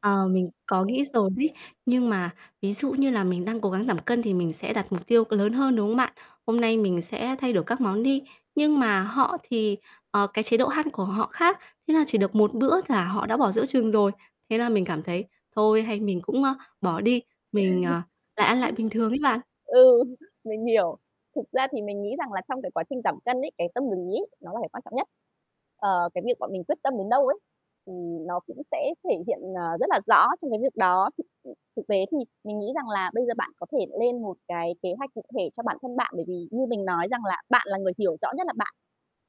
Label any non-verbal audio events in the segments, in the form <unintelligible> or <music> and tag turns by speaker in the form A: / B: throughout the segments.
A: Ờ, mình có nghĩ rồi bí. Nhưng
B: <unintelligible>
A: mà ví dụ như là mình đang cố gắng giảm cân thì mình sẽ đặt mục tiêu lớn hơn, đúng không bạn? Hôm nay mình sẽ thay đổi các món đi. Nhưng mà họ thì, ờ, cái chế độ ăn của họ khác, thế là chỉ được một bữa là họ đã bỏ giữa chừng rồi. Thế là mình cảm thấy: "Thôi, hay mình cũng, a, bỏ đi." Mình, ờ, lại ăn lại bình thường ấy bạn.
B: <chuckles> Ừm. Ừ, mình hiểu. Thực ra thì mình nghĩ rằng là trong cái quá trình giảm cân ấy, cái tâm lý ấy, nó là cái quan trọng nhất. Ờ, cái việc bọn mình quyết tâm đến đâu ấy, thì nó cũng sẽ thể hiện, à, rất là rõ trong cái việc đó. Thực, ưm, thực tế thì mình nghĩ rằng là bây giờ bạn có thể lên một cái kế hoạch cụ thể cho bản thân bạn. Bởi vì như mình nói rằng là bạn là người hiểu rõ nhất là bạn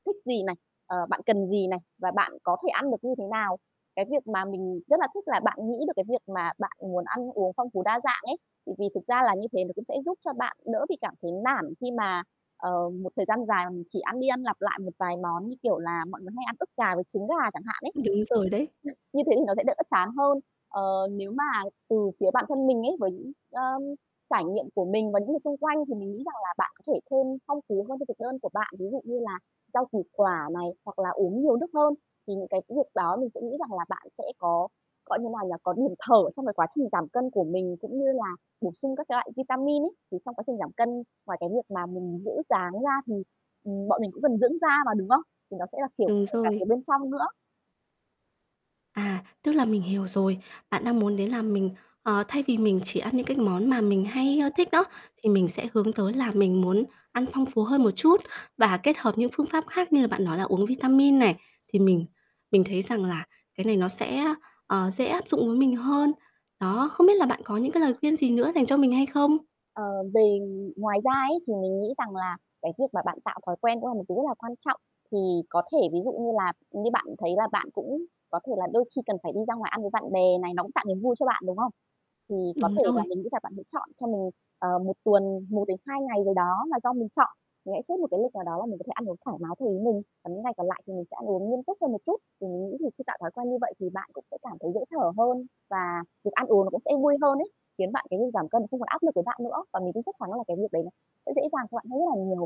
B: thích gì này, ờ, bạn cần gì này, và bạn có thể ăn được như thế nào. Cái việc mà mình rất là thích là bạn nghĩ được cái việc mà bạn muốn ăn uống phong phú, đa dạng ấy. Thì vì thực ra là như thế nó cũng sẽ giúp cho bạn đỡ bị cảm thấy nản khi mà, ờ, một thời gian dài mà mình chỉ ăn đi ăn lặp lại một vài món, như kiểu là mọi người hay ăn ức gà với trứng gà chẳng hạn ấy,
A: Đúng rồi đấy.
B: <unintelligible> như thế thì nó sẽ đỡ chán hơn. Ờ, nếu mà từ phía bản thân mình ấy, bởi ờm, trải nghiệm của mình và những người xung quanh, thì mình nghĩ rằng là bạn có thể thêm phong phú hơn cho thực đơn của bạn. Ví dụ như là rau củ quả này, hoặc là uống nhiều nước hơn, thì những cái việc đó mình sẽ nghĩ rằng là bạn sẽ có gọi như nào nhỉ? Có điểm thở trong cái quá trình giảm cân của mình cũng như là bổ sung các cái loại vitamin ấy. Thì trong quá trình giảm cân, ngoài cái việc mà mình giữ dáng ra thì, ừm, bọn mình cũng cần dưỡng da mà, đúng không? Thì đó sẽ là kiểu
A: Đúng
B: kể cả
A: rồi.
B: từ bên trong nữa.
A: À, tức là mình hiểu rồi. Bạn đang muốn đấy là mình ờ, thay vì mình chỉ ăn những cái món mà mình hay, ơ, thích đó, thì mình sẽ hướng tới là mình muốn ăn phong phú hơn một chút và kết hợp những phương pháp khác như là bạn nói là uống vitamin này. Thì mình mình thấy rằng là cái này nó sẽ, á, ờ, dễ áp dụng với mình hơn. Đó, không biết là bạn có những cái lời khuyên gì nữa dành cho mình hay không?
B: Ờ, về ngoài ra ấy, thì mình nghĩ rằng là cái việc mà bạn tạo thói quen cũng là một thứ rất là quan trọng. Thì có thể ví dụ như là như bạn thấy là bạn cũng có thể là đôi khi cần phải đi ra ngoài ăn với bạn bè này, nó cũng tạo niềm vui cho bạn, đúng không? Thì có
A: Đúng
B: thể là
A: rồi.
B: mình nghĩ rằng bạn sẽ chọn cho mình, ờ, 1 tuần, 1-2 ngày gì đó là do mình chọn. Mình hãy xếp một cái lịch nào đó là mình có thể ăn uống thoải mái theo ý mình, còn những ngày còn lại thì mình sẽ ăn uống nghiêm túc hơn một chút. Thì mình nghĩ thì khi tạo thói quen như vậy thì bạn cũng sẽ cảm thấy dễ thở hơn, và việc ăn uống nó cũng sẽ vui hơn ấy, khiến bạn cái việc giảm cân nó không còn áp lực với bạn nữa. Và mình tin chắc chắn là cái việc đấy nó sẽ dễ dàng cho bạn hơn rất là nhiều.